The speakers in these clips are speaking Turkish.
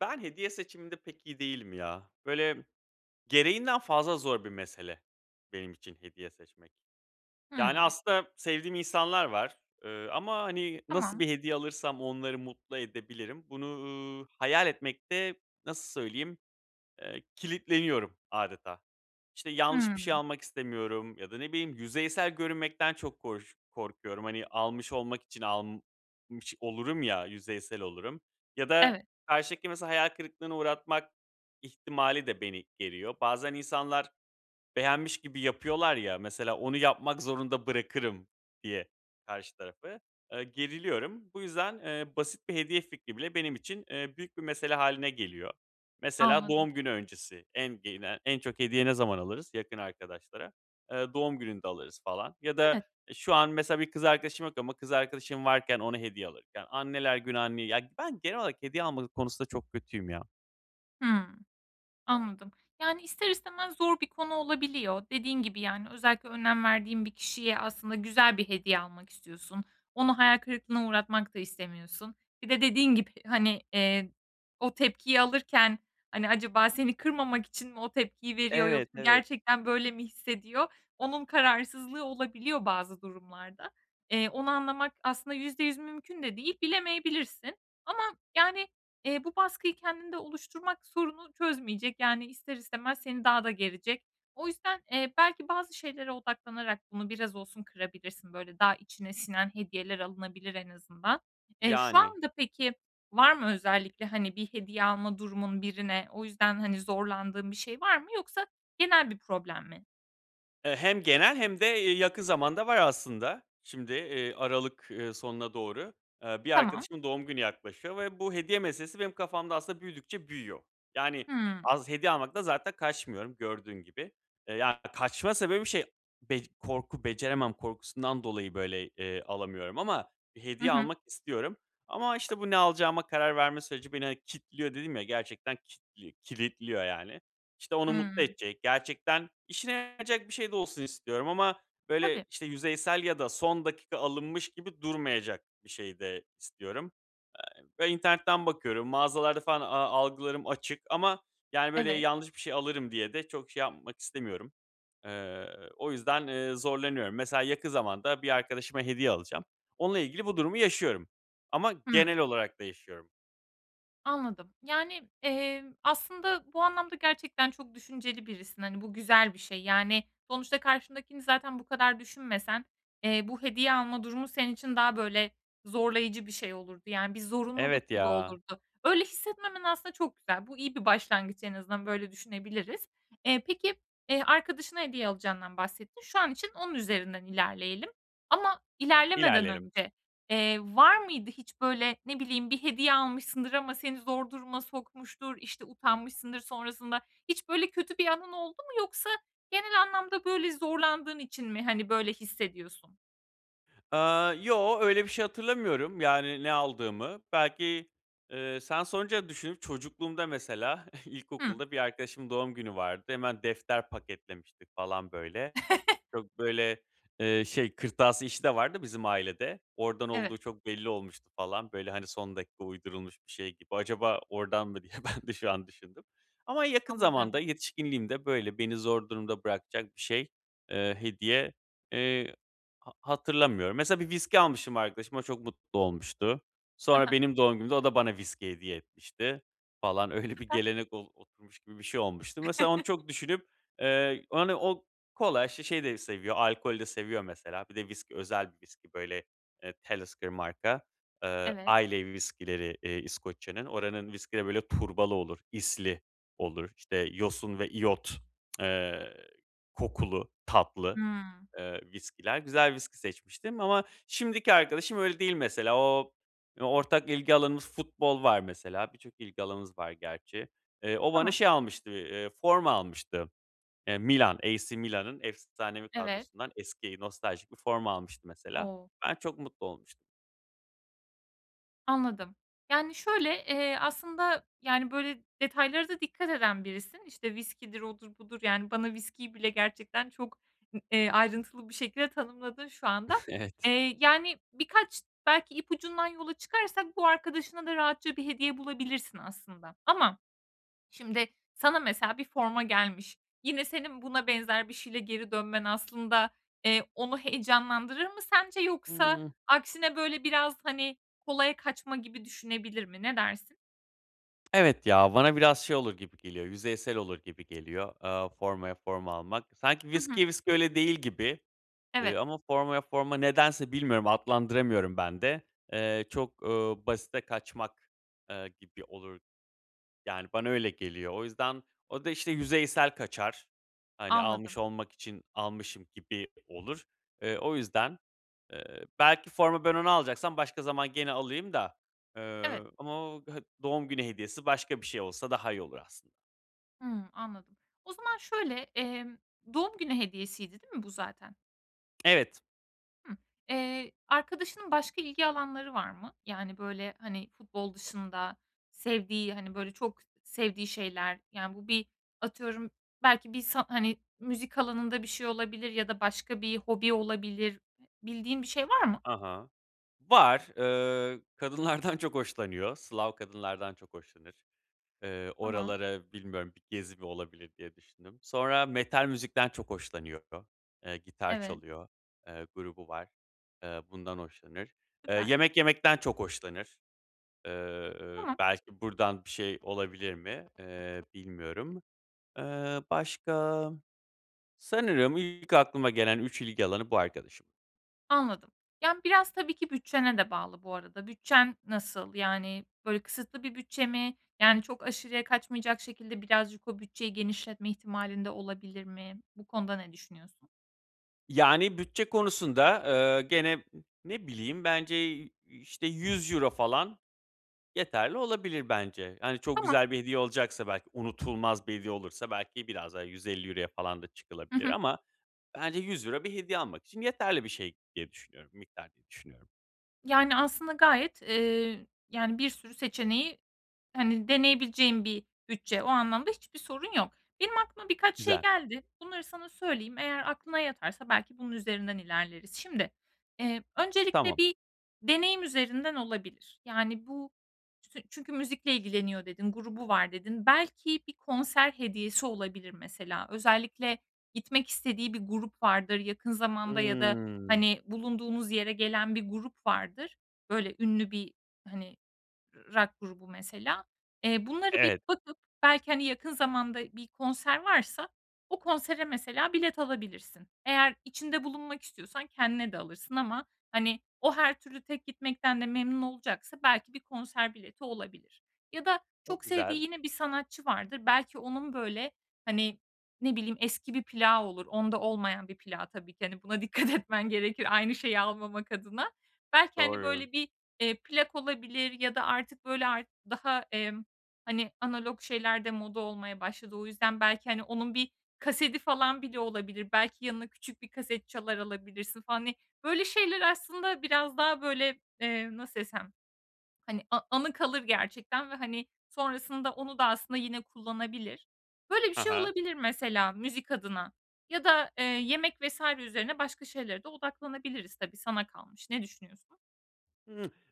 Ben hediye seçiminde pek iyi değilim ya. Böyle gereğinden fazla zor bir mesele benim için hediye seçmek. Yani Hımm. aslında sevdiğim insanlar var, ııı, ama, hani, nasıl Tamam. bir hediye alırsam onları mutlu edebilirim, bunu, ııı, hayal etmekte, nasıl söyleyeyim, eee, kilitleniyorum âdeta. İşte, yanlış bir şey Hımm. almak istemiyorum ya da, ne bileyim, yüzeysel görünmekten çok koş korkuyorum. Hani, almış olmak için almış olurum ya, yüzeysel olurum. Ya da Evet. karşıdakini mesela hayal kırıklığına uğratmak ihtimali de beni geriyor. Bazen insanlar beğenmiş gibi yapıyorlar ya, mesela onu yapmak zorunda bırakırım diye karşı tarafı, eee, geriliyorum. Bu yüzden, eee, basit bir hediye fikri bile benim için, eee, büyük bir mesele hâline geliyor. Mesela Anladım. doğum günü öncesi en gene en çok hediye ne zaman alırız yakın arkadaşlara? Eee, doğum gününde alırız falan ya da, Evet. eee, şu an mesela bir kız arkadaşım yok ama kız arkadaşım varken ona hediye alırken, anneler günü anneye ya, ben genel olarak hediye alma konusunda çok kötüyüm ya. Hımm. Anladım. Yani, ister istemez zor bir konu olabiliyor. Dediğin gibi, yani, özellikle önem verdiğin bir kişiye aslında güzel bir hediye almak istiyorsun. Onu hayal kırıklığına uğratmak da istemiyorsun. Bir de dediğin gibi, hani, eee, o tepkiyi alırken, hani, acaba seni kırmamak için mi o tepkiyi veriyor Evet, yoksa evet. gerçekten böyle mi hissediyor? Onun kararsızlığı olabiliyor bazı durumlarda. Eee, onu anlamak aslında %100 mümkün de değil. Bilemeyebilirsin. Ama, yani, eee, bu baskıyı kendinde oluşturmak sorunu çözmeyecek. Yani ister istemez seni daha da gerecek. O yüzden, eee, belki bazı şeylere odaklanarak bunu biraz olsun kırabilirsin. Böyle daha içine sinen hediyeler alınabilir en azından. Eee, şu Yani. anda peki var mı özellikle, hani, bir hediye alma durumun birine? O yüzden, hani, zorlandığın bir şey var mı yoksa genel bir problem mi? Eee, hem genel hem de y yakın zamanda var aslında. Şimdi, eee, aralık, ııı, sonuna doğru. Eee, bir Tamam. arkadaşımın doğum günü yaklaşıyor ve bu hediye meselesi benim kafamda aslında büyüdükçe büyüyor. Yani, Hımm. az hediye almaktan zaten kaçmıyorum gördüğün gibi. Eee, yani, kaçma sebebi şey, bec korku, beceremem korkusundan dolayı, böyle, eee, alamıyorum ama bir Hı hediye hı. almak istiyorum. Ama, işte, bu ne alacağıma karar verme süreci beni, hani, "kitliyor" dedim, ya, gerçekten kitli kilitliyor yani. İşte, onu mutlu Hımm. edecek, gerçekten işine yarayacak bir şey de olsun istiyorum ama böyle, Tabii. işte, yüzeysel ya da son dakika alınmış gibi durmayacak bir şey de istiyorum. Ve internetten bakıyorum, mağazalarda falan a algılarım açık ama, yani, böyle Evet. yanlış bir şey alırım diye de çok şey yapmak istemiyorum. Eee, o yüzden, eee, zorlanıyorum. Mesela yakın zamanda bir arkadaşıma hediye alacağım. Onunla ilgili bu durumu yaşıyorum ama Hımm. genel olarak da yaşıyorum. Anladım, yani, emm, aslında bu anlamda gerçekten çok düşünceli birisin, hani, bu güzel bir şey yani sonuçta karşındakini zaten bu kadar düşünmesen, eee, bu hediye alma durumu senin için daha böyle zorlayıcı bir şey olurdu. Yani bir Evet zorunluluk gibi ya. olurdu. Öyle hissetmemen aslında çok güzel. Bu iyi bir başlangıç en azından, böyle düşünebiliriz. Eee, peki, eee, arkadaşına hediye alacağından bahsettin. Şu an için onun üzerinden ilerleyelim. Ama ilerlemeden İlerleyelim. önce, eee, var mıydı hiç böyle, ne bileyim, bir hediye almışsındır ama seni zor duruma sokmuştur, işte, utanmışsındır sonrasında? Hiç böyle kötü bir anın oldu mu yoksa genel anlamda böyle zorlandığın için mi, hani, böyle hissediyorsun? Aaa, yoo, öyle bir şey hatırlamıyorum, yani ne aldığımı. Belki eee, sen sorunca düşündüm, çocukluğumda mesela, Hı. ilkokulda bir arkadaşımın doğum günü vardı. Hemen defter paketlemiştik falan, böyle. Çok, böyle, eee, şey kırtasiye işi de var da bizim ailede, oradan Evet. olduğu çok belli olmuştu falan. Böyle, hani, son dakika uydurulmuş bir şey gibi. "Acaba oradan mı?" diye ben de şu an düşündüm. Ama yakın Anladım. zamanda, yetişkinliğimde böyle beni zor durumda bırakacak bir şey, eee, hediye, eee, ha hatırlamıyorum. Mesela bir viski almıştım arkadaşıma, çok mutlu olmuştu. Hı Sonra hı. benim doğum günümde o da bana viski hediye etmişti falan. Öyle bir Süper. gelenek ol oturmuş gibi bir şey olmuştu. Mesela onu çok düşünüp, eee, hani, o kolay, şişeyi de seviyor, alkolü de seviyor, mesela. Bir de viski özel bir viski, böyle, eee, Talisker marka. Eee, Evet. Islay viskileri, eee, İskoçya'nın. Oranın viskileri böyle turbalı olur, isli olur, işte, yosun ve iyot, eee, kokulu, tatlı, Hıı. ııı, viskiler. Güzel viski seçmiştim. Ama şimdiki arkadaşım öyle değil mesela. O, eee, ortak ilgi alanımız futbol var mesela. Birçok ilgi alanımız var gerçi. Eee, o bana Tamam. şey almıştı bir, eee, forma almıştı. Eee, Milan AC Milan'ın efsanevi Evet. kadrosundan eski, nostaljik bir forma almıştı mesela. O! Ben çok mutlu olmuştum. Anladım. Yani şöyle, eee, aslında, yani, böyle detaylara da dikkat eden birisin. İşte, viskidir, odur, budur yani bana viskiyi bile gerçekten çok, eee, ayrıntılı bir şekilde tanımladın şu anda. Evet. Eee, yani, birkaç belki ipucundan yola çıkarsak bu arkadaşına da rahatça bir hediye bulabilirsin aslında. Ama, şimdi, sana mesela bir forma gelmiş, yine senin buna benzer bir şeyle geri dönmen aslında, eee, onu heyecanlandırır mı sence yoksa Hıı. aksine böyle biraz, hani, kolaya kaçma gibi düşünebilir mi, ne dersin? Evet ya, bana biraz şey olur gibi geliyor, yüzeysel olur gibi geliyor, aaa, formaya forma almak. Sanki Hı hı. viskiye viski öyle değil gibi. Eee, Evet. ama formaya forma nedense bilmiyorum, adlandıramıyorum ben de, eee, çok, ııı, basite kaçmak, eee, gibi olur. Yani bana öyle geliyor o yüzden o da, işte, yüzeysel kaçar. Hani, almış Anladım. olmak için almışım gibi olur. Eee, o yüzden, eee, belki forma ben onu alacaksam başka zaman gene alayım da, Evet. eee, ama o doğum günü hediyesi başka bir şey olsa daha iyi olur aslında. Hımm, anladım. O zaman şöyle, emm, doğum günü hediyesiydi, değil mi bu zaten? Evet. Hıı. Eee, arkadaşının başka ilgi alanları var mı? Yani böyle, hani, futbol dışında sevdiği, hani, böyle çok sevdiği şeyler yani bu bir atıyorum, belki bir sa hani, müzik alanında bir şey olabilir ya da başka bir hobi olabilir. Bildiğin bir şey var mı? A ha. Var, ııı, kadınlardan çok hoşlanıyor. Slav kadınlardan çok hoşlanır. Eee, Tamam. oralara, bilmiyorum, bir gezi mi olabilir diye düşündüm. Sonra metal müzikten çok hoşlanıyor. Eee, gitar Evet. çalıyor, eee, grubu var, eee, bundan hoşlanır. Eee, Süper. yemek yemekten çok hoşlanır. Eee, Tamam. belki buradan bir şey olabilir mi, eee, bilmiyorum. Eee, başka? Sanırım ilk aklıma gelen 3 ilgi alanı bu, arkadaşımın. Anladım. Yani, biraz tabii ki bütçene de bağlı bu arada. Bütçen nasıl? Yani böyle kısıtlı bir bütçe mi? Yani, çok aşırıya kaçmayacak şekilde birazcık o bütçeyi genişletme ihtimalin de olabilir mi? Bu konuda ne düşünüyorsun? Yani, bütçe konusunda, eee, gene, ne bileyim, bence, işte, €100 falan yeterli olabilir bence. Hani, çok Tamam. güzel bir hediye olacaksa belki, unutulmaz bir hediye olursa belki biraz daha €150 falan da Hı çıkılabilir hı. ama bence €100 bir hediye almak için yeterli bir şey diye düşünüyorum miktar diye düşünüyorum. Yani, aslında gayet, eee, yani, bir sürü seçeneği, hani, deneyebileceğin bir bütçe. O anlamda hiçbir sorun yok. Benim aklıma birkaç şey Güzel. geldi. Bunları sana söyleyeyim, eğer aklına yatarsa belki bunun üzerinden ilerleriz. Şimdi, eee, öncelikle Tamam. bir deneyim üzerinden olabilir. Yani, bu tün çünkü müzikle ilgileniyor, dedin; grubu var, dedin. Belki bir konser hediyesi olabilir mesela. Özellikle gitmek istediği bir grup vardır yakın zamanda ya da, Hımm. hani, bulunduğunuz yere gelen bir grup vardır. Böyle ünlü bir, hani, rock grubu mesela. Eee, bunları bir Evet. bakıp belki, hani, yakın zamanda bir konser varsa o konsere mesela bilet alabilirsin. Eğer içinde bulunmak istiyorsan kendine de alırsın ama, hani, o her türlü tek gitmekten de memnun olacaksa belki bir konser bileti olabilir. Ya da Çok çok güzel. sevdiği yine bir sanatçı vardır, belki onun, böyle, hani, ne bileyim, eski bir plağı olur, onda olmayan bir plağı tabii ki. Hani, buna dikkat etmen gerekir aynı şeyi almamak adına. Belki, hani, Doğru. böyle, bir, eee, plak olabilir ya da artık, böyle, artık daha, emm, hani, analog şeyler de moda olmaya başladı. O yüzden belki, hani, onun bir kasedi falan bile olabilir, belki yanına küçük bir kaset çalar alabilirsin, hani. Böyle şeyler aslında biraz daha böyle, eee, nasıl desem, hani, a anı kalır gerçekten ve, hani, sonrasında onu da aslında yine kullanabilir. Böyle bir Ha şey ha. olabilir mesela müzik adına ya da, eee, yemek vs. üzerine başka şeylere de odaklanabiliriz tabii, sana kalmış. Ne düşünüyorsun?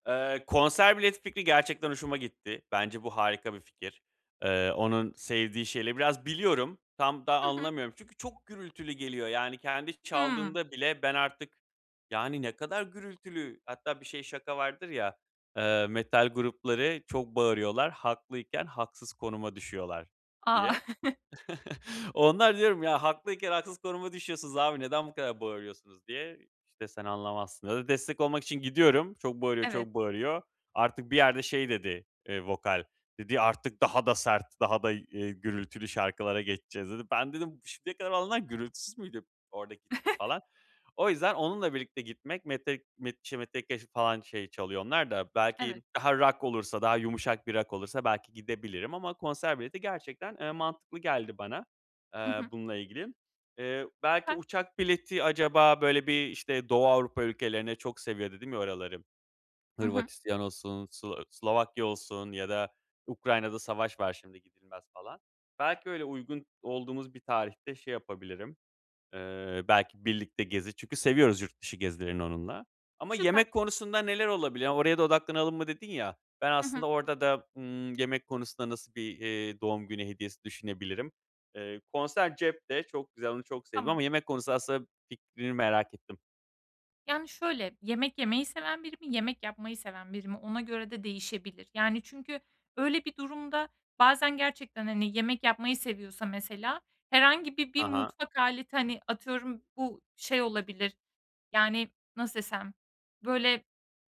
Eee, konser bileti fikri gerçekten hoşuma gitti. Bence bu harika bir fikir. Eee, onun sevdiği şeyleri biraz biliyorum. Tam da Hı hı. anlamıyorum çünkü çok gürültülü geliyor yani kendi Hımm. çaldığında bile ben artık yani, ne kadar gürültülü. Hatta bir şey, şaka vardır ya, eee: "Metal grupları çok bağırıyorlar. Haklıyken haksız konuma düşüyorlar." A! diye. Onlara diyorum: "Ya, haklıyken haksız konuma düşüyorsunuz abi, neden bu kadar bağırıyorsunuz?" diye, işte, "Sen anlamazsın." Ya da destek olmak için gidiyorum. Çok bağırıyor, çok Evet. bağırıyor. Artık bir yerde şey dedi, eee, vokal, dedi: "Artık daha da sert, daha da, eee, gürültülü şarkılara geçeceğiz." dedi. Ben dedim: "Şimdiye kadar olanlar gürültüsüz müydü?" Orada gittim falan. O yüzden onunla birlikte gitmek Metek m şey, Metellica ş falan şey çalıyor onlar da. Belki Evet. daha rock olursa, daha yumuşak bir rock olursa belki gidebilirim ama konser bileti gerçekten, eee, mantıklı geldi bana, Hı eee, hı. bununla ilgili. Eee, belki Süper. uçak bileti acaba böyle bir, işte, Doğu Avrupa ülkelerine çok seviyor dedim ya oraları. Hı hı. Hırvatistan olsun, Slo Slovakya olsun ya da Ukrayna'da savaş var, şimdi gidilmez falan. Belki öyle uygun olduğumuz bir tarihte şey yapabilirim, eee, belki birlikte gezi çünkü seviyoruz yurt dışı gezilerini onunla. Ama Süper. yemek konusunda neler olabilir? Ya, "Oraya da odaklanalım mı?" dedin ya. Ben Hı hı. aslında orada da, ımm, yemek konusunda nasıl bir, eee, doğum günü hediyesi düşünebilirim? Eee, konser cepte çok güzel, onu çok sevdim Tamam. ama yemek konusunda aslında fikrini merak ettim. Yani, şöyle, yemek yemeyi seven biri mi, yemek yapmayı seven biri mi, ona göre de değişebilir. Yani, çünkü öyle bir durumda bazen gerçekten, hani, yemek yapmayı seviyorsa mesela herhangi bir, bir Ha ha. mutfak aleti, hani, atıyorum, bu şey olabilir, yani, nasıl desem, böyle,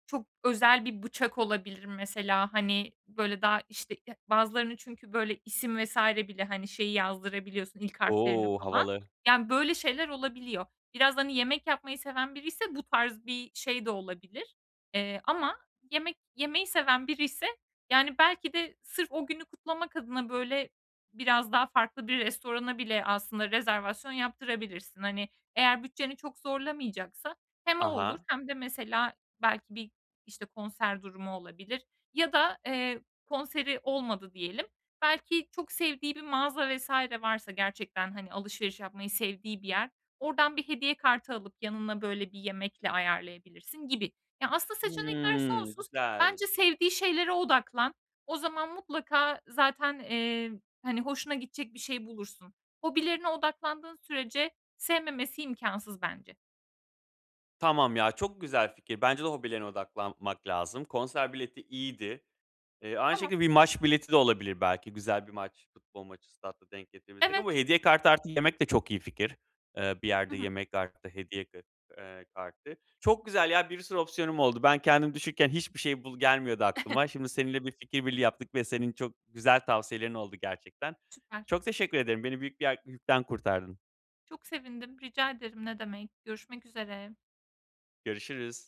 çok özel bir bıçak olabilir, mesela, hani, böyle, daha, işte, e bazılarını çünkü, böyle, isim vs. bile, hani, şeyi yazdırabiliyorsun, ilk harflerini O! falan. Havalı. Yani, böyle şeyler olabiliyor. Biraz, hani, yemek yapmayı seven biriyse bu tarz bir şey de olabilir. Eee, ama yemek yemeyi seven biriyse, yani, belki de sırf o günü kutlamak adına, böyle, biraz daha farklı bir restorana bile aslında rezervasyon yaptırabilirsin. Hani, eğer bütçeni çok zorlamayacaksa hem o Ha olur ha. hem de mesela belki bir, işte, konser durumu olabilir ya da, eee, konseri olmadı diyelim. Belki çok sevdiği bir mağaza vs. varsa gerçekten, hani, alışveriş yapmayı sevdiği bir yer, oradan bir hediye kartı alıp yanına, böyle, bir yemekle ayarlayabilirsin gibi. Ya, aslında seçenekler Hımm, sonsuz. güzel. Bence sevdiği şeylere odaklan. O zaman mutlaka zaten, eee, hani, hoşuna gidecek bir şey bulursun. Hobilerine odaklandığın sürece sevmemesi imkânsız bence. Tamam ya, çok güzel fikir. Bence de hobilerine odaklanmak lazım. Konser bileti iyiydi. Eee, aynı Tamam. şekilde bir maç bileti de olabilir. Belki güzel bir maç, futbol maçı statta denk getirebilirsek Evet. ama hediye kartı artı yemek de çok iyi fikir. Eee, bir Hı yerde hı. yemek artı, eee, hediye k eee, kartı. Çok güzel ya, bir sürü opsiyonum oldu. Ben kendim düşünürken hiçbir şey bul gelmiyordu aklıma. Şimdi seninle bir fikir birliği yaptık ve senin çok güzel tavsiyelerin oldu gerçekten. Süper. Çok teşekkür ederim. Beni büyük bir yak yükten kurtardın. Çok sevindim. Rica ederim, ne demek. Görüşmek üzere. Görüşürüz.